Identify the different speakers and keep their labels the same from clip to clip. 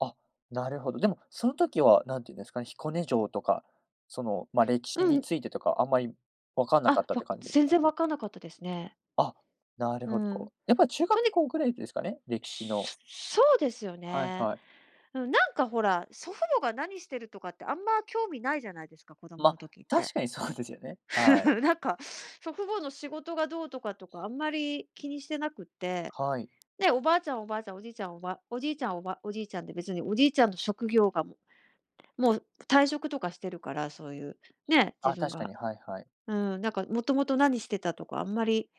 Speaker 1: あ、なるほど。でも、その時は、何て言うんですかね、彦根城とか、その、ま、歴史
Speaker 2: う
Speaker 1: に
Speaker 2: ん。
Speaker 1: ついてとか、あんまり分かんなかっ
Speaker 2: あ、
Speaker 1: たっ
Speaker 2: わ、
Speaker 1: て感じで
Speaker 2: 全
Speaker 1: か？
Speaker 2: 然わかんなかったですね。
Speaker 1: あ、なる
Speaker 2: う
Speaker 1: ほ
Speaker 2: ん。
Speaker 1: ど。やっぱ中
Speaker 2: と
Speaker 1: 学
Speaker 2: に
Speaker 1: 校ぐらいですかね、歴史の。
Speaker 2: ししょそうですよ
Speaker 1: はい
Speaker 2: ね。
Speaker 1: はい。
Speaker 2: うん、なんかほら、祖父母が何してるとかってあんま興味ないじゃないですか、子供
Speaker 1: ま、
Speaker 2: の時って。
Speaker 1: 確かにそうですよね、はい。
Speaker 2: なんか、祖父母の仕事がどうとかとか、あんまり気にしてなくって。
Speaker 1: はい。
Speaker 2: で、おばあちゃんはおばあちゃん、おじいちゃん、おばおじいちゃん、おばおじいちゃんって別におじいちゃんの職業がもうもう退職とかしてるから、そういう、ね、
Speaker 1: あ、
Speaker 2: 自分
Speaker 1: 確か
Speaker 2: が。
Speaker 1: に、はいはい。
Speaker 2: うん、なんか元々何してたとか、あんまり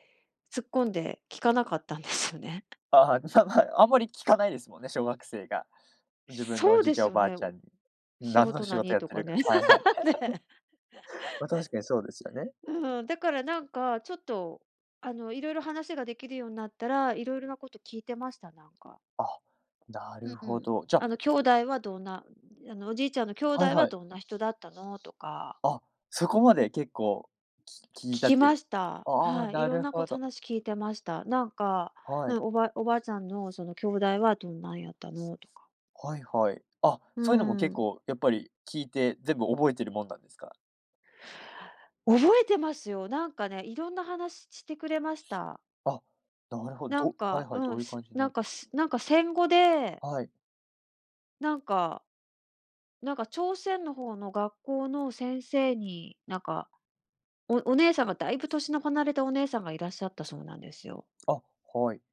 Speaker 2: 突っ込んで聞かなかったんですよね。
Speaker 1: ああ、はい、むさむはい、あんまり聞かないですもんね、小学生が、自分のお
Speaker 2: そう
Speaker 1: じい
Speaker 2: で
Speaker 1: ちゃん、
Speaker 2: す
Speaker 1: お
Speaker 2: よ
Speaker 1: ばあ
Speaker 2: ね、
Speaker 1: ちゃ
Speaker 2: お
Speaker 1: んに、
Speaker 2: 仕
Speaker 1: 何の
Speaker 2: 事
Speaker 1: 仕事
Speaker 2: 何
Speaker 1: やっ
Speaker 2: と
Speaker 1: て
Speaker 2: か
Speaker 1: るか、
Speaker 2: ね。
Speaker 1: はいはい。
Speaker 2: ね。
Speaker 1: ま、確かにそうですよね。
Speaker 2: うん。だからなんかちょっと、あの、いろいろ話ができるようなったら、いろいろなこと聞いてました、なんか。
Speaker 1: あ、な
Speaker 2: う
Speaker 1: る
Speaker 2: う
Speaker 1: ほ
Speaker 2: ん。
Speaker 1: ど。じゃ
Speaker 2: あの「兄弟はどんなうん、あの、おじいちゃんの兄弟
Speaker 1: はい
Speaker 2: は
Speaker 1: はい。
Speaker 2: どんな人だったの？」とか。
Speaker 1: あっ、そこまで結構、き聞い
Speaker 2: 聞
Speaker 1: た
Speaker 2: き
Speaker 1: という
Speaker 2: ました。
Speaker 1: ああ、
Speaker 2: はい、い
Speaker 1: な
Speaker 2: ろん
Speaker 1: る
Speaker 2: な、こう、
Speaker 1: ほ
Speaker 2: た
Speaker 1: ど。
Speaker 2: なし聞いてました。なんか、
Speaker 1: は
Speaker 2: う
Speaker 1: い。
Speaker 2: ん「おばおばあちゃんのその兄弟はどんなんやったの？」とか。
Speaker 1: はいはい。あ、
Speaker 2: う
Speaker 1: そういうのも結
Speaker 2: ん。
Speaker 1: 構やっぱり聞いて全部覚えてるもんなんですか？
Speaker 2: 覚えてますよ。何かねいろんな話ちてくれました。
Speaker 1: あ、なるほ
Speaker 2: なん
Speaker 1: どはい
Speaker 2: か
Speaker 1: はい、
Speaker 2: う
Speaker 1: ど
Speaker 2: ん、
Speaker 1: ういう
Speaker 2: す
Speaker 1: 感じ
Speaker 2: なん
Speaker 1: の
Speaker 2: か、すなんか戦後で
Speaker 1: はい。
Speaker 2: なんかなんか朝鮮の方の学校の先生に、なんか、おお姉さんがだいぶ歳の離れたお姉さんがいらっしゃったそうなんですよ。
Speaker 1: あ、はい。